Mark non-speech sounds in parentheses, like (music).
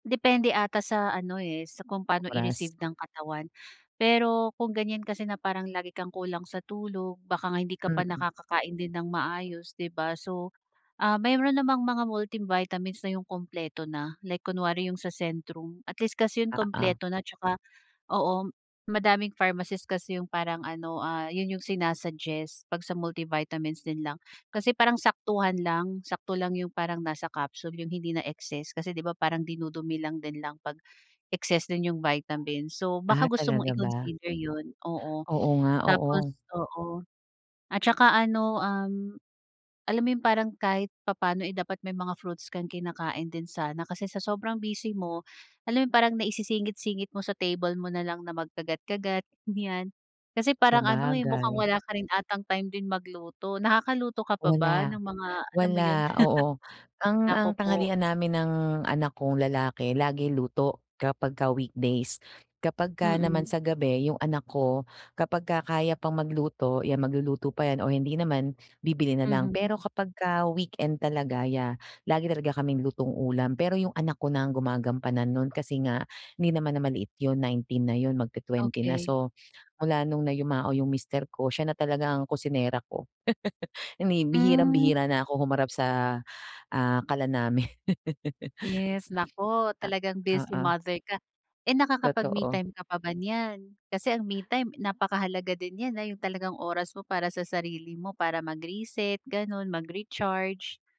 Depende ata sa ano, eh, sa kung pano Oras. i-receive ng katawan. Pero, kung ganyan kasi na parang lagi kang kulang sa tulog baka nga hindi ka pa Mm. nakakakain din ng maayos di ba. So, ah, mayroon namang mga multivitamins na yung kumpleto na, like kunwari yung sa Centrum at least kasi yung Oo. kumpleto na tsaka oo madaming pharmacist kasi yung parang ano, ah, yun yung sina-suggest pag sa multivitamins din lang. Kasi parang saktuhan lang, sakto lang yung parang nasa capsule yung hindi na excess kasi di ba parang dinudumi lang din lang pag-excess din yung vitamin. So Ah, baka gusto mong talaga ba? i-consider yun oo. Oo nga, Tapos oo. oo. At saka ano um, alam mo yun parang kahit papaano, eh, dapat may mga fruits kang kinakain din sana kasi sa sobrang busy mo, alam mo yung parang naisisingit-singit mo sa table mo nalang na magkagat-kagat, ganyan. Kasi parang ano, eh, mukhang Sabagay. wala ka rin atang time din magluto. Nakakaluto ka pa ba Wala, ng mga alam mo yun? wala oo. (chuckles) Ang Naku ang po. tanghalian namin ng anak kong lalaki lagi luto, kapagka weekdays. Kapagka Mm. naman sa gabi yung anak ko, kapagka kaya pang magluto yan magluluto pa yan o hindi naman, bibili na lang, Mhm. pero kapagka weekend talaga, yeah. Lagi talaga kaming lutong ulam, pero yung anak ko na ang gumagampanan nun kasi nga, hindi naman na maliit yung 19 na yun mag-20 na. Okey. So, mula nung na yumao yung mister ko, siya na talaga ang kusinera ko. (laughs) Hindi, Mm. bihirang-bihira na ako humarap sa, ah, kalan namin. Yes, naku (laughs) talagang busy Oo. mother ka. Eh, nakakapag-me Totoo. time ka pa ba niyan? Kasi ang me time napakahalaga din yan na yung talagang oras mo para sa sarili mo para mag-reset ganun, mag-recharge.